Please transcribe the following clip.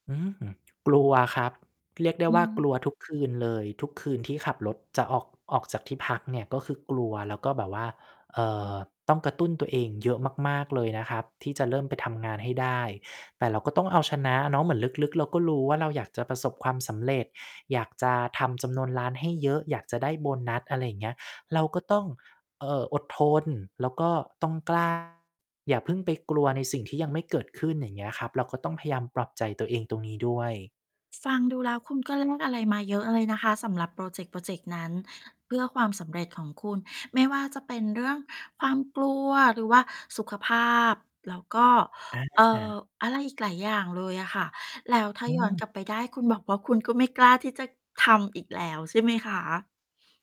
อืม กลัวครับ เรียกได้อว่ากืม ลัวทุกคืนเลย ทุกคืนที่ขับรถจะออก ออกจากที่พักเนี่ย ก็คือกลัว แล้วก็แบบว่า เอ่อ ต้องกระตุ้นตัวเองเยอะมาก ๆ เลยนะครับ ที่จะเริ่มไปทำงานให้ได้ แต่เราก็ต้องเอาชนะเนาะ เหมือนลึก ๆ เราก็รู้ว่า เราอยากจะประสบความสำเร็จ อยากจะทำจำนวนร้านให้เยอะ อยากจะได้โบนัส อะไรอย่างเงี้ย เราก็ต้อง เอ่อ อดทน แล้วก็ต้อง กล้า อย่าเพิ่งไปกลัวในสิ่งที่ยังไม่เกิดขึ้น อย่างเงี้ยครับ เราก็ต้องพยายามปรับใจตัวเองตรงนี้ด้วย ฟังดูแล้วคุณก็แลกอะไรมาเยอะเลยนะคะ สำหรับพรอเจกต์พรอเจกต์นั้น เพื่อความสำเร็จของคุณ ไม่ว่าจะเป็นเรื่องความกลัว หรือว่าสุขภาพ แล้วก็ อเอ่อ า อะไรอีกหลายอย่างเลยอะค่ะ แล้วถ้าอืย้อนกม ลับไปได้ คุณบอกว่าคุณก็ไม่กล้าที่จะทำอีกแล้วใช่ไหมคะ?